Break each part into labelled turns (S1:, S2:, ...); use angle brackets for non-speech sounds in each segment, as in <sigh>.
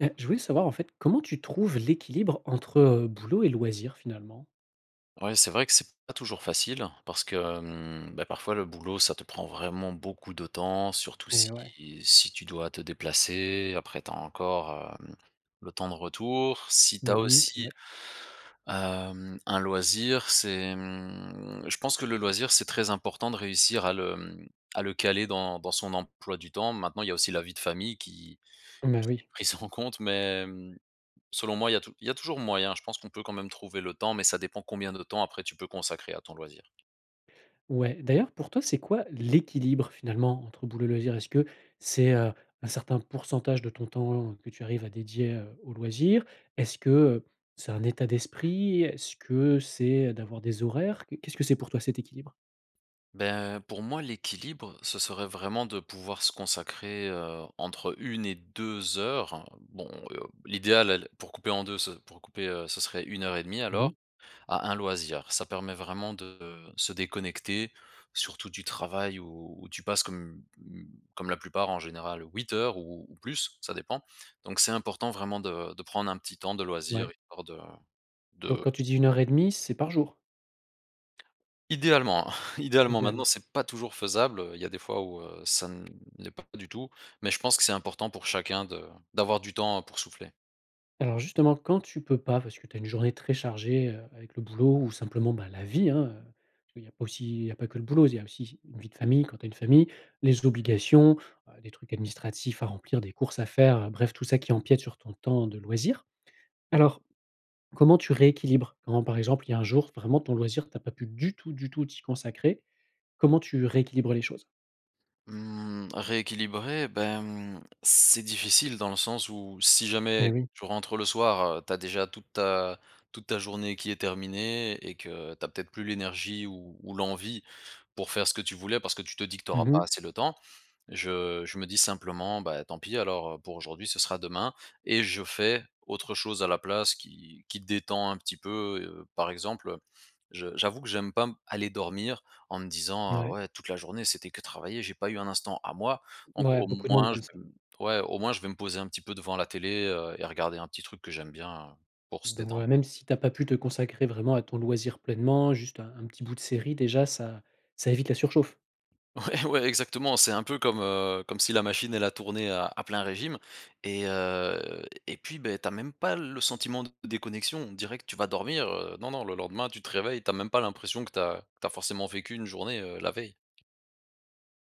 S1: Et je voulais savoir en fait comment tu trouves l'équilibre entre, heu, boulot et loisir finalement?
S2: Ouais, c'est vrai que c'est pas toujours facile parce que, hem, bah, parfois le boulot ça te prend vraiment beaucoup de temps surtout si
S1: Et ouais.
S2: si tu dois te déplacer après tu as encore, hem, le temps de retour, si tu as
S1: Mmh mh, c'est
S2: aussi,
S1: vrai.
S2: hem, un loisir c'est, mmh, je pense que le loisir c'est très important de réussir à le, mmh, à le caler dans dans son emploi du temps, maintenant il y a aussi la vie de famille qui
S1: Bah
S2: qui est
S1: oui.
S2: prise en compte, mais, mmh, selon moi il y a tou il y a toujours moyen, je pense qu'on peut quand même trouver le temps, mais ça dépend combien de temps après tu peux consacrer à ton loisir.
S1: Ouais, d'ailleurs pour toi c'est quoi l'équilibre finalement entre boulot et loisir? Est-ce que c'est, heu, un certain pourcentage de ton temps que tu arrives à dédier, heu, aux loisirs? Est-ce que, heu, c'est un état d'esprit? Est-ce que c'est d'avoir des horaires? Qu'est-ce que c'est pour toi cet équilibre?
S2: Ben, pour moi l'équilibre, ce serait vraiment de pouvoir se consacrer, heu, entre 1 et 2 heures. Bon, heu, l'idéal, elle pour couper en 2 ce pour couper, heu, ce serait 1 heure et demi
S1: Mmh
S2: alors,
S1: mh.
S2: à un loisir. Ça permet vraiment de se déconnecter, surtout du travail où où tu passes comme, mmh mh, comme la plupart en général 8 heures ou ou plus, ça dépend. Donc c'est important vraiment de de prendre un petit temps de
S1: Ouais
S2: loisir, et hors de
S1: Donc
S2: de
S1: quand tu dis 1 heure et demi, c'est par jour?
S2: Idéalement, hein, idéalement, maintenant
S1: Idéalement.
S2: c'est pas toujours faisable, heu, il y a des fois où heu, ça ne l'est pas du tout, mais je pense que c'est important pour chacun de d'avoir du temps, heu, pour souffler.
S1: Alors justement quand tu peux pas parce que tu as une journée très chargée, heu, avec le boulot ou simplement, bah, la vie, hein, heu, parce que il y a aussi il y a pas que le boulot il y a aussi une vie de famille quand tu as une famille, les obligations, bah, des trucs administratifs à remplir, des courses à faire, heu, bref tout ça qui empiète sur ton temps de loisir. Alors, comment tu rééquilibres? Quand par exemple il y a un jour vraiment ton loisir tu as pas pu du tout du tout t'y consacrer, comment tu rééquilibres les choses?
S2: Mmh, rééquilibrer, ben, mmh, c'est difficile dans le sens où si
S1: Mais
S2: jamais
S1: oui.
S2: tu rentres le soir, heu, tu as déjà toute ta toute ta journée qui est terminée et que tu as peut-être plus l'énergie ou ou l'envie pour faire ce que tu voulais parce que tu te dis que tu auras
S1: Mmh
S2: pas
S1: mh.
S2: assez le temps. Je je me dis simplement: «Bah, tant pis alors, heu, pour aujourd'hui, ce sera demain» et je fais autre chose à la place qui qui te détend un petit peu, heu, par exemple, heu, je j'avoue que j'aime pas m aller dormir en me disant: «Ah
S1: Ouais.
S2: ouais, toute la journée c'était que travailler, j'ai pas eu un instant à moi», donc
S1: Mouais,
S2: au
S1: beaucoup de monde
S2: moins je
S1: comme ça.
S2: me ouais, au moins je vais me poser un petit peu devant la télé, heu, et regarder un petit truc que j'aime bien, heu, pour se
S1: Don
S2: détendre.
S1: ouais, même si tu as pas pu te consacrer vraiment à ton loisir pleinement, juste un un petit bout de série déjà ça ça évite la surchauffe.
S2: Ouais ouais exactement. C'est un peu comme, heu, comme si la machine elle a tourné à à plein régime. Et heu, et puis beh, tu as même pas le sentiment de déconnexion, on dirait que tu vas dormir, heu, non non, le lendemain tu te réveilles, tu as même pas l'impression que tu as, tu as forcément vécu une journée, heu, la veille.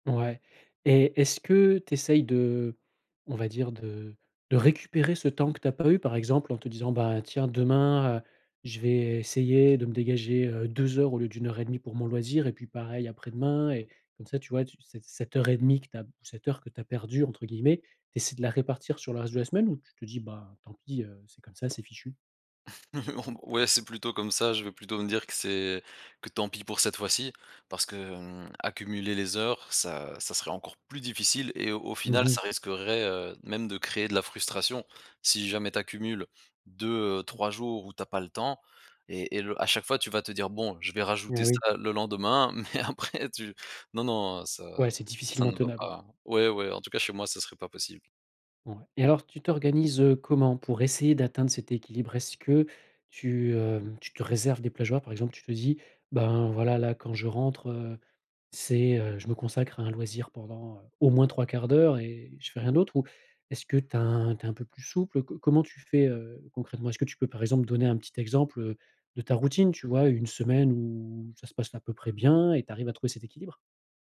S1: Ouais, et est-ce que tu essayes de on va dire de de récupérer ce temps que tu as pas eu, par exemple en te disant: «Bah, tiens demain, heu, je vais essayer de me dégager heu, 2 au lieu de 1:30 pour mon loisir et puis pareil après-demain» et comme ça tu vois tu, cette cette heure et demie que tu as, cette heure que tu as perdue entre guillemets, tu essaies de la répartir sur le reste de la semaine ou tu te dis: «Bah, tant pis, heu, c'est comme ça, c'est fichu»?
S2: <chuckles> Ouais c'est plutôt comme ça, je vais plutôt me dire que c'est, que tant pis pour cette fois-ci. Parce que, mmh, accumuler les heures ça ça serait encore plus difficile. Et au au
S1: Mmh
S2: final ça
S1: mh.
S2: risquerait heu, même de créer de la frustration si jamais tu accumules 2-3 jours où tu as pas le temps et et le à chaque fois tu vas te dire: «Bon, je vais rajouter
S1: Ah oui.
S2: ça le lendemain». mais après tu Non non ça
S1: Ouais c'est
S2: ça
S1: difficilement
S2: ne va
S1: tenable.
S2: pas. Ouais ouais, en tout cas chez moi, ça serait pas possible.
S1: Ouais, et alors tu t'organises comment pour essayer d'atteindre cet équilibre? Est-ce que tu hem, tu te réserves des plages horaires? Par exemple tu te dis: «Ben voilà, là quand je rentre, heu, c'est, heu, je me consacre à un loisir pendant, heu, au moins 3/4 d'heure et je fais rien d'autre ou est-ce que tu as un, tu es un peu plus souple? Co comment tu fais, heu, concrètement? Est-ce que tu peux, par exemple, donner un petit exemple, heu, de ta routine tu vois? Une semaine où ça se passe à peu près bien et tu arrives à trouver cet équilibre?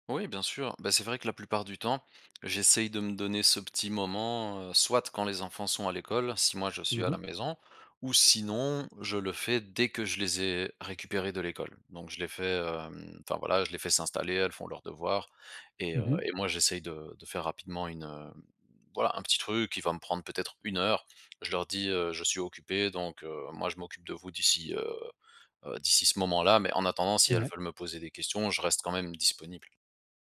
S2: Oui bien sûr! Beh, c'est vrai que la plupart du temps, j'essaye de me donner ce petit moment, heu, soit quand les enfants sont à l'école, si moi je
S1: Mmh
S2: suis à
S1: mh.
S2: la maison, ou sinon je le fais dès que je les ai récupérés de l'école. Donc je les fais hem, enfin voilà, je les fais s'installer, elles font leurs devoirs et heu,
S1: Mmh mh.
S2: et moi j'essaye de de faire rapidement une, heu, voilà un petit truc qui va me prendre peut-être 1h, je leur dis heu: «Je suis occupé donc heu, moi je m'occupe de vous d'ici heu, heu, d'ici ce moment-là». Mais en attendant si elles
S1: Ouais.
S2: veulent me poser des questions, je reste quand même disponible.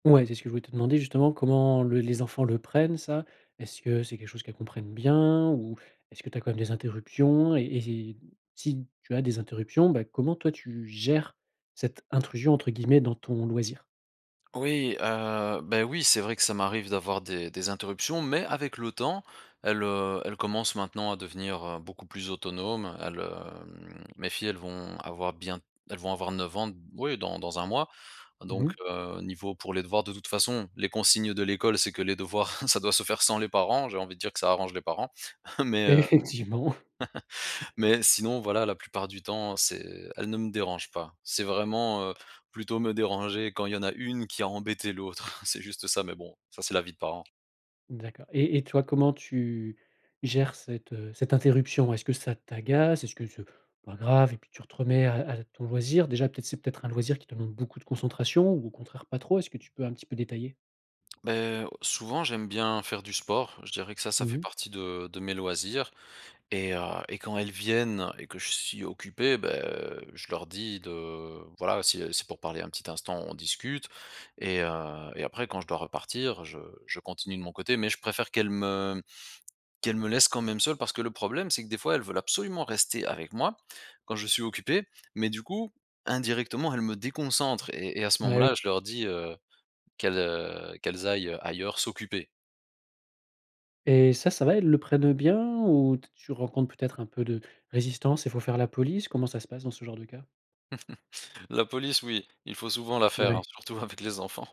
S1: Ouais, c'est ce que je voulais te demander justement, comment l les enfants le prennent, ça? Est-ce que c'est quelque chose qu'elles comprennent bien? Ou est-ce que tu as quand même des interruptions? Et et si tu as des interruptions, ben comment toi tu gères cette intrusion entre guillemets dans ton loisir?
S2: Oui, heu, beh oui c'est vrai que ça m'arrive d'avoir des des interruptions, mais avec le temps, elles, heu, elles commencent maintenant à devenir, heu, beaucoup plus autonomes elles, hem, mes filles elles vont avoir bien elles vont avoir 9 ans, d oui dans dans un mois.
S1: Mmh
S2: Donc,
S1: mh.
S2: heu, niveau pour les devoirs de toute façon, les consignes de l'école, c'est que les devoirs, <chuckles> ça doit se faire sans les parents. J'ai envie de dire que ça arrange les parents. <chuckles> Mais, heu,
S1: Effectivement.
S2: <laughs> mais sinon voilà, la plupart du temps, c'est elles ne me dérangent pas. C'est vraiment, heu, plutôt me déranger quand il y en a une qui a embêté l'autre. <chuckles> C'est juste ça, mais bon, ça, c'est la vie de parents.
S1: D'accord et et toi, comment tu gères cette cette interruption? Est-ce que ça t'agace? Est-ce que c'est pas grave et puis tu te remets à à ton loisir déjà peut-être, c'est peut-être un loisir qui te demande beaucoup de concentration ou au contraire pas trop, est-ce que tu peux un petit peu détailler?
S2: Beh, souvent j'aime bien faire du sport. Je dirais que ça ça
S1: Mmh
S2: fait
S1: mh.
S2: partie de de mes loisirs. Et heu, et quand elles viennent et que je suis occupé, beh je leur dis de voilà si, heu, c'est pour parler un petit instant, on discute. Et heu, et après quand je dois repartir, je je continue de mon côté, mais je préfère qu'elles me qu'elles me laissent quand même seul. Parce que le problème, c'est que des fois, elles veulent absolument rester avec moi, quand je suis occupé, mais du coup, indirectement elles me déconcentrent et et à ce
S1: Ah oui.
S2: moment-là je leur dis, heu, qu'elles, heu, qu'elles aillent ailleurs s'occuper.
S1: Et ça, ça va? Elles le prennent bien? Ou te tu rencontres peut-être un peu de résistance et faut faire la police? Comment ça se passe dans ce genre de cas?
S2: <chuckles> La police oui, il faut souvent la faire, hein.
S1: Ouais.
S2: Surtout avec les enfants.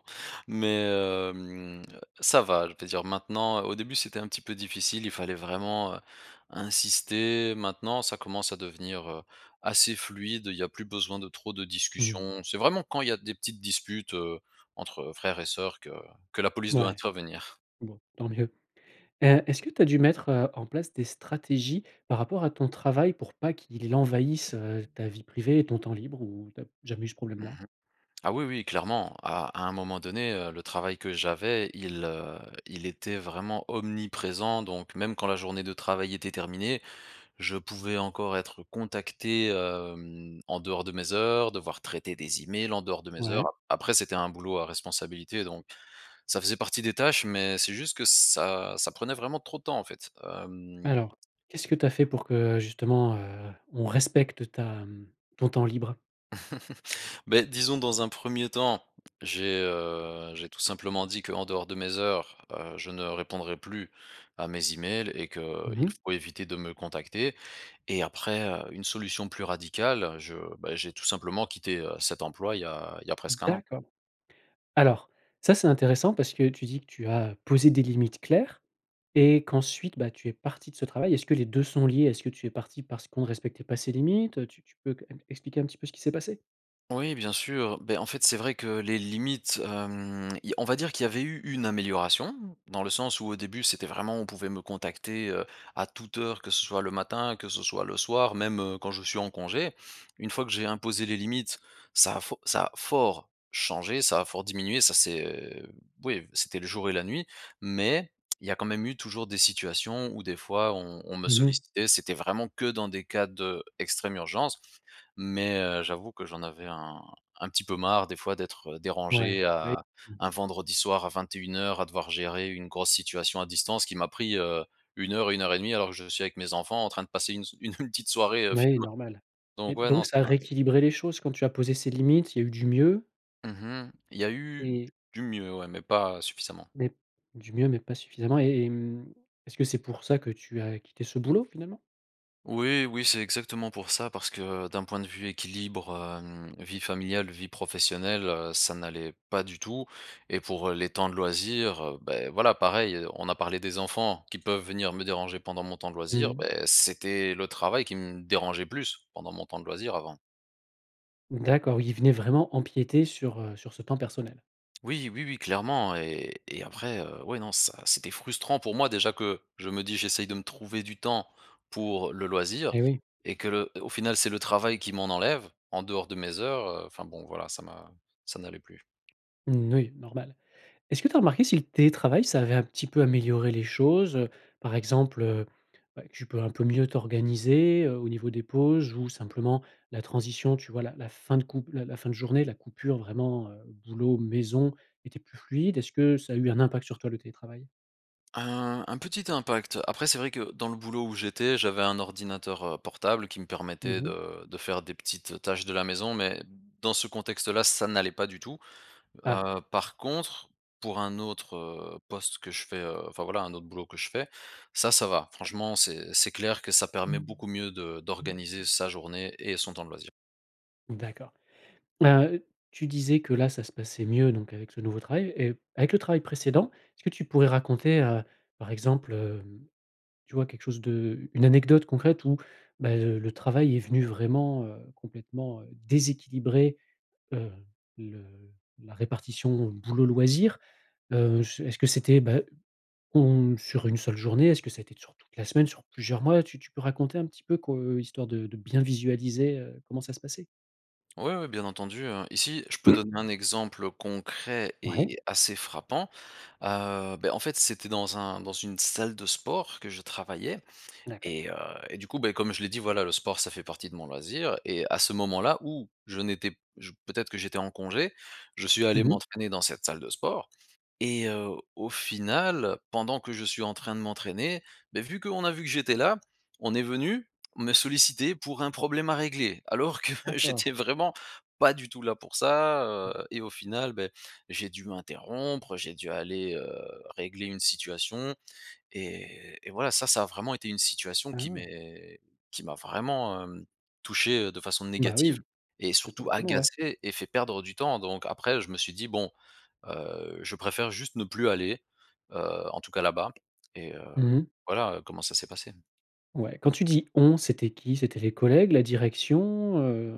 S2: Mais hem, ça va, je vais dire maintenant, heu, au début c'était un petit peu difficile, il fallait vraiment, heu, insister, maintenant ça commence à devenir, heu, assez fluide, il y a plus besoin de trop de
S1: Mmh mh. Mmh.
S2: discussions. C'est vraiment quand il y a petites disputes, heu, entre frères et sœurs que que la police doit
S1: Mouais.
S2: intervenir.
S1: Bon, tant mieux. Heu, est-ce que tu as dû mettre en place des stratégies par rapport à ton travail pour pas qu'il envahisse, heu, ta vie privée et ton temps libre ou tu as jamais eu ce
S2: Mmh
S1: problème-là?
S2: mh. Ah oui, oui, clairement, à à un moment donné heu, le travail que j'avais, il heu, il était vraiment omniprésent, donc même quand la journée de travail était terminée, je pouvais encore être contacté, hem en dehors de mes heures, devoir traiter des emails en dehors de mes heures,
S1: Ouais.
S2: a après c'était un boulot à responsabilité donc, ça faisait partie des tâches mais c'est juste que ça ça prenait vraiment trop de temps en fait, hem
S1: Alors qu'est-ce que tu as fait pour que justement, heu, on respecte ta, mmh, ton temps libre?
S2: <chuckles> Beh disons dans un premier temps, j'ai, heu, j'ai tout simplement dit qu'en dehors de mes heures, heu, je ne répondrai plus à mes emails et
S1: Mmh
S2: qu'il
S1: mh.
S2: faut éviter de me contacter. Et après, heu, une solution plus radicale, je beh j'ai tout simplement quitté, heu, cet emploi il y a il y a presque un an.
S1: D'accord. Alors, ça c'est intéressant parce que tu dis que tu as posé des limites claires et qu'ensuite, bah tu es parti de ce travail. Est-ce que les deux sont liés? Est-ce que tu es parti parce qu'on respectait pas ces limites? Heu, tu tu peux qu m expliquer un petit peu ce qu'il s'est passé?
S2: Oui bien sûr. Beh, en fait c'est vrai que les limites hem, i on va dire qu'il y avait eu une amélioration dans le sens où au début, c'était vraiment, on pouvait me contacter, heu, à toute heure, que ce soit le matin, que ce soit le soir même heu, quand je suis en congé. Une fois que j'ai imposé les limites, ça a fo ça a fort changé, ça a fort diminué, ça c'est oui c'était le jour et la nuit. Mais il y a quand même eu toujours des situations où des fois on on me
S1: Mmh mh.
S2: sollicitait, c'était vraiment que dans des cas d'extrême urgence, mais, heu, j'avoue que j'en avais un un petit peu marre des fois d'être
S1: Ouais,
S2: dérangé
S1: bah é.
S2: à
S1: Mmh.
S2: un vendredi soir à 21:00 à devoir gérer une grosse situation à distance qui m'a pris, heu, 1:00-1:30 alors que je suis avec mes enfants en train de passer une s une une petite soirée, heu,
S1: Mouais
S2: film
S1: normal. Et
S2: donc ouais non
S1: donc
S2: ça
S1: ça a
S2: m'a
S1: rééquilibré les choses? Quand tu as posé ces limites, il y a eu du mieux?
S2: Mmh mh, il y a eu
S1: Et.
S2: du mieux, ouais, mais pas suffisamment.
S1: Mais du mieux, mais pas suffisamment, et et mmh, est-ce que c'est pour ça que tu as quitté ce boulot finalement?
S2: Oui oui, c'est exactement pour ça. Parce que d'un point de vue équilibre hem, vie familiale, vie professionnelle, heu, ça n'allait pas du tout. Et pour, heu, les temps de loisirs, heu, beh, voilà pareil, on a parlé des enfants qui peuvent venir me déranger pendant mon temps de
S1: Mmh
S2: loisir,
S1: mh.
S2: beh, c'était le travail qui me dérangeait plus pendant mon temps de loisir avant.
S1: D'accord, il venait vraiment empiéter sur, heu, sur ce temps personnel?
S2: Oui, oui oui, clairement. Et et après, heu, ouais, non ça c'était frustrant pour moi déjà que je me dis: «J'essaye de me trouver du temps pour le loisir»
S1: Eh oui.
S2: et que le au final c'est le travail qui m'en enlève, en dehors de mes heures. Heu, enfin bon voilà ça m'a ça n'allait plus.
S1: Mmh, oui. Normal. Est-ce que tu as remarqué si le télétravail ça avait un petit peu amélioré les choses, heu? Par exemple, heu, heu, tu peux un peu mieux t'organiser, heu, au niveau des pauses ou simplement la transition. Tu vois? La la fin de cou la la fin de journée. La coupure vraiment, heu, boulot, maison, était plus fluide, est-ce que ça a eu un impact sur toi le télétravail?
S2: Un un petit impact. Après, c'est vrai que dans le boulot où j'étais, j'avais un ordinateur, heu, portable qui me
S1: Mmh
S2: permettait
S1: mh.
S2: de de faire des petites, heu, tâches de la maison. Mais dans ce contexte-là, ça n'allait pas du tout.
S1: Ah.
S2: Heu, par contre, pour un autre, heu, poste que je fais, heu enfin voilà, un autre boulot que je fais, ça, ça va. Franchement, c'est c'est clair que ça permet beaucoup mieux de d'organiser sa journée et son temps de loisir.
S1: D'accord. Ah, heu. Tu disais que là ça se passait mieux donc avec ce nouveau travail. Et avec le travail précédent, est-ce que tu pourrais raconter, heu, par exemple, hem, tu vois quelque chose de une anecdote concrète où ben, heu, le travail est venu vraiment, heu, complètement, heu, déséquilibrer, heu, le la répartition boulot, loisir? Heu, j est-ce que c'était, bah, on sur une seule journée? Est-ce que ça a été sur toute la semaine? Sur plusieurs mois? Tu tu peux raconter un petit peu que heu, histoire de de bien visualiser, heu, comment ça se passait?
S2: Ouais, ouais bien entendu, heu, ici je peux donner un exemple, heu, concret
S1: Ouais.
S2: et assez frappant. Heu, beh, en fait c'était dans un dans une salle de sport que je travaillais.
S1: D'accord.
S2: Et heu, et du coup, beh, comme je l'ai dit voilà le sport ça fait partie de mon loisir. Et à ce moment-là où je n'étais p j peut-être que j'étais en congé. Je suis allé
S1: Mmh mh.
S2: m'entraîner dans cette salle de sport. Et, heu, au final pendant que je suis en train de m'entraîner, beh, vu, qu'on a vu que j'étais là. On est venu, me solliciter pour un problème à régler. Alors que,
S1: D'accord.
S2: j'étais vraiment pas du tout là pour ça, heu et au final, beh, j'ai dû m'interrompre. J'ai dû aller, heu, régler une situation et et voilà ça ça a vraiment été une situation
S1: Ah
S2: qui
S1: ouais.
S2: m'est qui m'a vraiment, hem, touché, heu, de façon
S1: Bah,
S2: négative
S1: oui.
S2: et
S1: C'est pas
S2: surtout
S1: étonnant, ouais.
S2: agacé et fait perdre du temps. Donc, après je me suis dit bon, heu, je préfère juste ne plus aller, heu, en tout cas là-bas, et, heu,
S1: Mmh mh.
S2: voilà, heu, comment ça s'est passé.
S1: Ouais. Quand tu dis on, c'était qui? C'était les collègues, la direction, heu?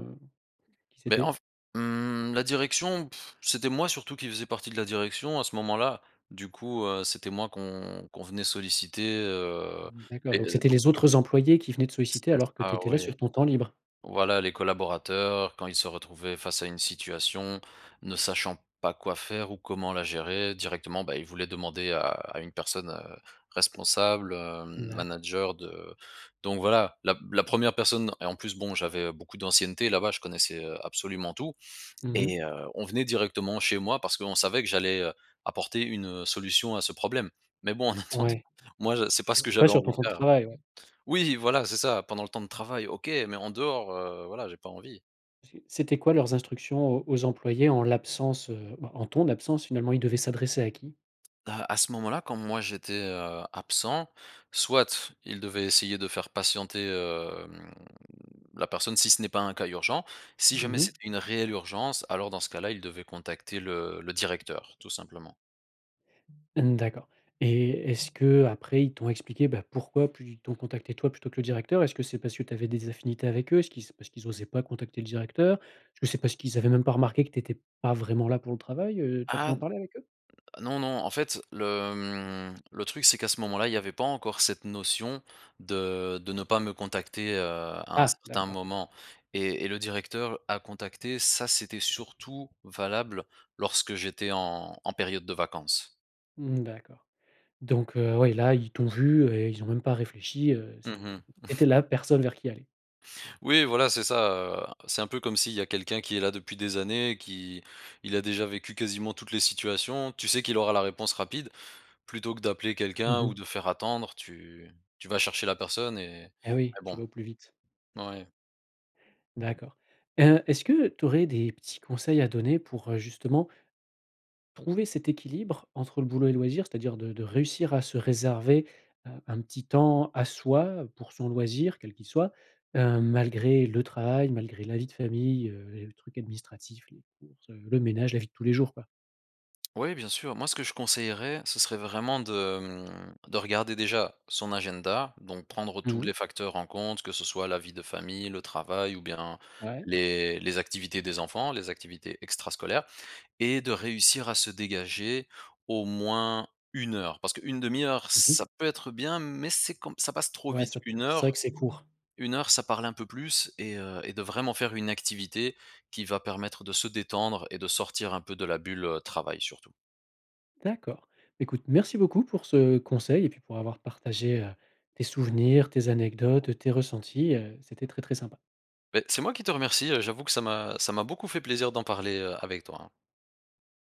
S1: Qui
S2: Beh en
S1: c'était?
S2: f hem, la direction <blows air> c'était moi surtout qui faisais partie de la direction à ce moment-là. Du coup, heu, c'était moi qu'on qu'on convenait solliciter, heu,
S1: Mmh, d'accord.
S2: et.
S1: Donc c'était
S2: <unintelligible>
S1: les autres employés qui venaient te
S2: C'est
S1: solliciter alors que tu
S2: ça,
S1: étais là
S2: oui.
S1: sur ton temps libre?
S2: Voilà les collaborateurs quand ils se retrouvaient face à une situation, ne sachant pas quoi faire ou comment la gérer directement, bah, il voulait demander à à une personne, heu, responsable, hem,
S1: D'accord.
S2: manager de donc voilà, la p la 1re personne et en plus bon j'avais, heu, beaucoup d'ancienneté là-bas. Je connaissais, heu, absolument tout
S1: Mmh mh.
S2: et, heu, on venait directement chez moi parce qu'on savait que j'allais, heu, apporter une, heu, solution à ce problème. Mais bon en attendant,
S1: Ouais.
S2: moi je c'est pas ce que
S1: C'était pas
S2: j'avais
S1: sur
S2: envie
S1: ton
S2: de
S1: temps de
S2: faire.
S1: travail ouais.
S2: Oui voilà, c'est ça pendant le temps de travail, OK. Mais en dehors, heu, voilà, j'ai pas envie.
S1: C c'était quoi leurs instructions aux aux employés en l'absence, heu, bah en ton absence finalement? Ils devaient s'adresser à qui?
S2: À à ce moment-là, quand moi j'étais, heu, absent. Soit il devait essayer de faire patienter, hem, la personne si ce n'est pas un cas urgent. Si
S1: Mmh
S2: jamais
S1: mh.
S2: c'était une réelle urgence, alors dans ce cas-là. Il devait contacter le le directeur, tout simplement.
S1: Mmh, d'accord. Et est-ce qu'après ils t'ont expliqué, bah, pourquoi plu ils t'ont contacté toi plutôt que le directeur? Est-ce que c'est parce que tu avais des affinités avec eux? Est-ce qu'ils s parce qu'ils osaient pas contacter le directeur? Est-ce que c'est parce qu'ils avaient même pas remarqué que tu étais pas vraiment là pour le travail? Heu, tu as pu
S2: Ah
S1: en
S2: n
S1: parler avec eux?
S2: non, non, en fait le, hem, le truc c'est qu'à ce moment-là il y avait pas encore cette notion de de ne pas me contacter, heu, à un
S1: Ah.
S2: certain
S1: D'accord.
S2: moment. Et et le directeur à contacter, ça c'était surtout valable lorsque j'étais en en période de vacances.
S1: Mmh mh, d'accord. Donc, heu, ouais là ils t'ont vu et ils ont même pas réfléchi, heu,
S2: Mmh
S1: c'est
S2: mh.
S1: c'est tu étais la personne vers qui aller.
S2: Oui, voilà c'est ça, heu. C'est un peu comme s'il y a quelqu'un qui est là depuis des années qui il a déjà vécu quasiment toutes les situations. Tu sais qu'il aura la réponse rapide, plutôt que d'appeler
S1: Mmh
S2: quelqu'un ou
S1: mh.
S2: de faire attendre, tu tu vas chercher la personne et
S1: Et oui.
S2: mais
S1: Tu
S2: bon,
S1: vas au plus vite.
S2: ouais. Mmh.
S1: D'accord. Heu, est-ce que tu aurais des petits conseils à donner pour, heu, justement trouver cet équilibre entre le boulot et loisir. C'est-à-dire de de réussir à se réserver, heu, un petit temps à soi pour son loisir, quel qu'il soit. Heu, malgré le travail, malgré la vie de famille, heu, et les trucs administratifs, les courses, heu, le ménage, la vie de tous les jours quoi?
S2: Oui, bien sûr. Moi ce que je conseillerais, ce serait vraiment de, hem, de regarder déjà son agenda, donc prendre
S1: Mmh
S2: tous
S1: mh.
S2: les facteurs en compte. Que ce soit la vie de famille, le travail ou bien
S1: Ouais.
S2: les les activités des enfants, les activités extrascolaires. Et de réussir à se dégager au moins 1 heure. Parce que 1/2 heure
S1: Mmh mh.
S2: ça peut être bien mais c'est comme ça passe trop
S1: Ouais,
S2: vite.
S1: ça
S2: 1
S1: c'est vrai
S2: heure
S1: que c'est court.
S2: 1 heure ça parle un peu plus et, heu, et de vraiment faire une activité qui va permettre de se détendre et de sortir un peu de la bulle, heu, travail surtout.
S1: D'accord. Beh, écoute merci beaucoup pour ce conseil et puis pour avoir partagé, heu, tes souvenirs, tes anecdotes, tes ressentis, heu, c'était très, très sympa.
S2: Beh, c'est moi qui te remercie, heu, j'avoue que ça m'a ça m'a beaucoup fait plaisir d'en parler, heu, avec toi.